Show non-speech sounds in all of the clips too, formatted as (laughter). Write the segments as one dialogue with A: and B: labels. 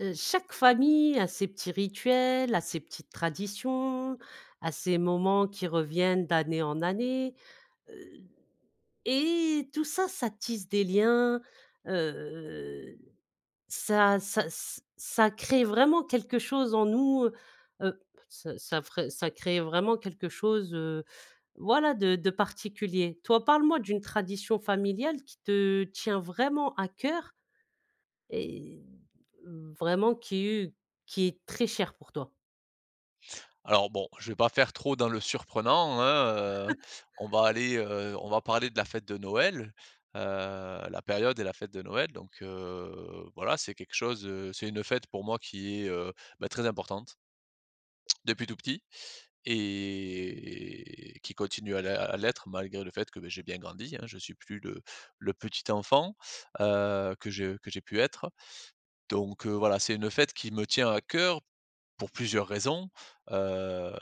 A: Heu, chaque famille a ses petits rituels, a ses petites traditions, a ses moments qui reviennent d'année en année. Heu. Et tout ça, ça tisse des liens. Heu. Ça ça s ça crée vraiment quelque chose en nous, heu, ça ça ferait ça crée vraiment quelque chose, heu, voilà de de particulier. Toi, parle-moi d'une tradition familiale qui te tient vraiment à coeur. Et heu, vraiment qui est qui est très chère pour toi.
B: Alors bon, je vais pas faire trop dans le surprenant, hein, heu.
A: (chuckles)
B: On va aller, heu, on va parler de la fête de Noël. Heu, la période et la fête de Noël. Donc heu, voilà, c'est quelque chose heu, c'est une fête pour moi qui est, heu, bah, très importante depuis tout petit et qui continue à l à l'être malgré le fait que bah, j'ai bien grandi, hein, je suis plus le le petit enfant, heu, que je que j'ai pu être, heu. Donc heu, voilà, c'est une fête qui me tient à cœur, pour plusieurs raisons. Heu,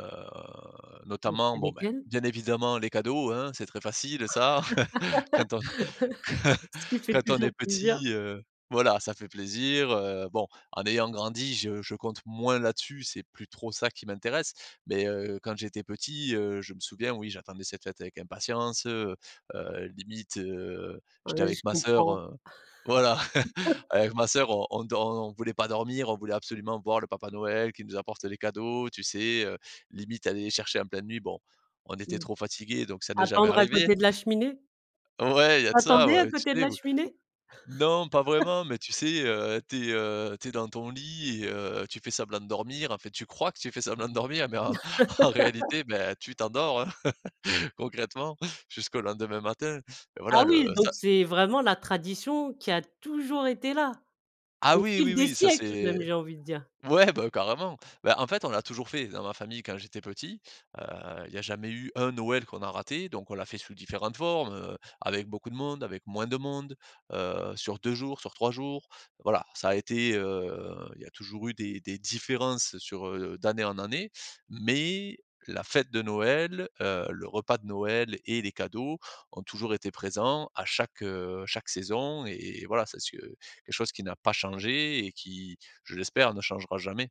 A: Et
B: notamment,
A: c'est
B: bon bah,
A: lesquelles?
B: bien évidemment, les cadeaux, hein, c'est très facile, heu, ça. (chuckles) Quand on a
A: (chuckles) Ce qui
B: (chuckles)
A: fait
B: quand on est
A: toujours plaisir.
B: petit, heu, voilà, ça fait plaisir, heu, bon, en ayant grandi, je je compte moins là-dessus, c'est plus trop ça qui m'intéresse. Mais heu, quand j'étais petit, heu, je me souviens, oui, j'attendais cette fête avec impatience. Heu heu, limite heu,
A: Ah
B: j'étais
A: oui, je
B: avec ma sœur
A: comprends.
B: heu, voilà.
A: (chuckles)
B: Avec ma sœur on on dor on voulait pas dormir, on voulait absolument voir le papa Noël qui nous apporte les cadeaux, tu sais? Heu, limite aller les chercher en pleine nuit. Bon, on était
A: Mmh.
B: trop fatigués, donc ça n'est jamais
A: Attendre à
B: arrivé.
A: côté de la cheminée?
B: (chuckles) Ouais, il y a
A: Tu
B: de ça,
A: attendais à
B: ouais, tu
A: côté de
B: sais,
A: la
B: ou
A: cheminée?
B: non, pas vraiment, mais tu
A: (chuckles)
B: sais, heu, tu es, heu, tu es dans ton lit et heu, tu fais semblant de dormir, enfin, tu crois que tu fais semblant de dormir, mais en (chuckles) en
A: (chuckles)
B: réalité, bah, tu t'endors, (chuckles) hein, concrètement, jusqu'au lendemain matin,
A: Ah
B: Voilà le
A: oui,
B: ça
A: donc c'est vraiment la tradition qui a toujours été là.
B: Ah
A: Au
B: oui,
A: fil
B: oui,
A: des
B: oui, ça
A: siècles
B: c'est
A: même j'ai envie de dire!
B: ouais, bah, carrément. Bah, en fait, on l'a toujours fait dans ma famille quand j'étais petit, heu, il y a jamais eu un Noël qu'on a raté. Donc on l'a fait sous différentes formes, heu, avec beaucoup de monde, avec moins de monde, heu, sur 2 jours, sur 3 jours. Voilà, alors ça a été, heu, il y a toujours eu des des différences sur, heu, d'année en année. Mais, la fête de Noël, heu, le repas de Noël et les cadeaux toujours été présents à chaque, heu, chaque saison. Et voilà c'est ce que quelque chose qui n'a pas changé et qui, je l'espère, ne changera jamais.